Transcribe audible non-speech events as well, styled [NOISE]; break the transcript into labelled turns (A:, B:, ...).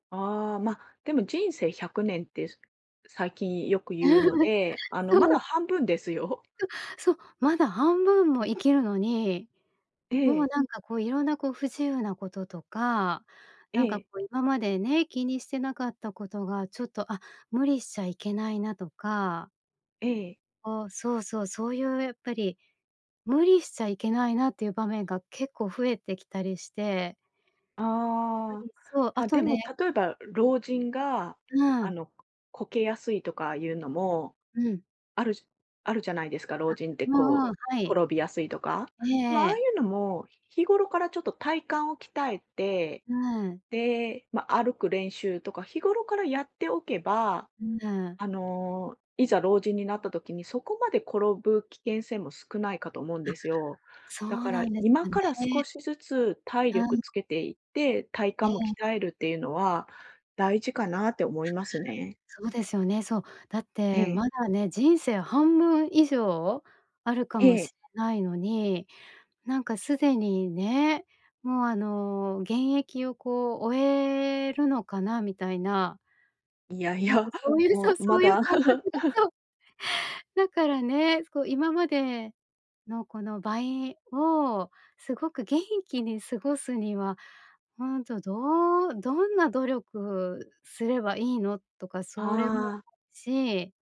A: ああ、ま、でも人生100年って最近よく言うの
B: [GIGGLES]
A: で、あの
B: そ
A: まだ
B: う。
A: 半分ですよ。
B: ん、そう、まだ半分も生きるのに、
A: え
B: もう、
A: え。
B: なんかこう、いろんな、こう不自由なこととか、
A: え
B: なんかこ
A: え。
B: う今までね、気にしてなかったことが、ちょっと、あ、無理しちゃいけないなとか
A: ええ。
B: おお、そうそう、そういうやっぱり、無理しちゃいけないなっていう場面が結構増えてきたりして。う
A: あ
B: ん、そう、あ
A: あ。あ、
B: と
A: でも
B: ね
A: 例えば、ろ老人が
B: うー
A: あ
B: ん。
A: の、こけやすいとかいうのも
B: うん。
A: あるじあるじゃないですか。老
B: あ。
A: 人って
B: うんうん、
A: こう、
B: はい。
A: 転びやすいとか。
B: ええ
A: まあ、ああい
B: ええ。
A: うのも、日頃からちょっと体幹を鍛えて、
B: うーん。
A: で、ま、歩く練習とか、日頃からやっておけば、
B: うぬ。
A: あの、いざ老人になった時に、そこまで転ぶ危険性も少ないかと思うん
B: あ、
A: ですよ。
B: そ
A: だ
B: う
A: か
B: な
A: ら、
B: んです
A: 今
B: かね。
A: から少しずつ体
B: は
A: 力
B: い。
A: つけていって、体
B: え
A: 幹も
B: え。
A: 鍛えるっていうのは大事かなって思いますね。
B: そうですよね。そう。だっ
A: え
B: て
A: え。
B: まだね、人生半分以上あるかも
A: ええ。
B: しれないのに、なんか既にね、もう、あの、現役をこう終えるのかな、みたいな。
A: いやい
B: なんか
A: や、
B: そ
A: [CHUCKLES]
B: ういう、そ
A: も
B: う
A: う、
B: そ
A: ま
B: ういう
A: だ
B: 感覚が、
A: [LAUGHS]
B: そう。だからね、そう、今までのこの倍をすごく元気に過ごすには、ほんと、どうどんな努力すればいいのとか、それも
A: ああ。
B: し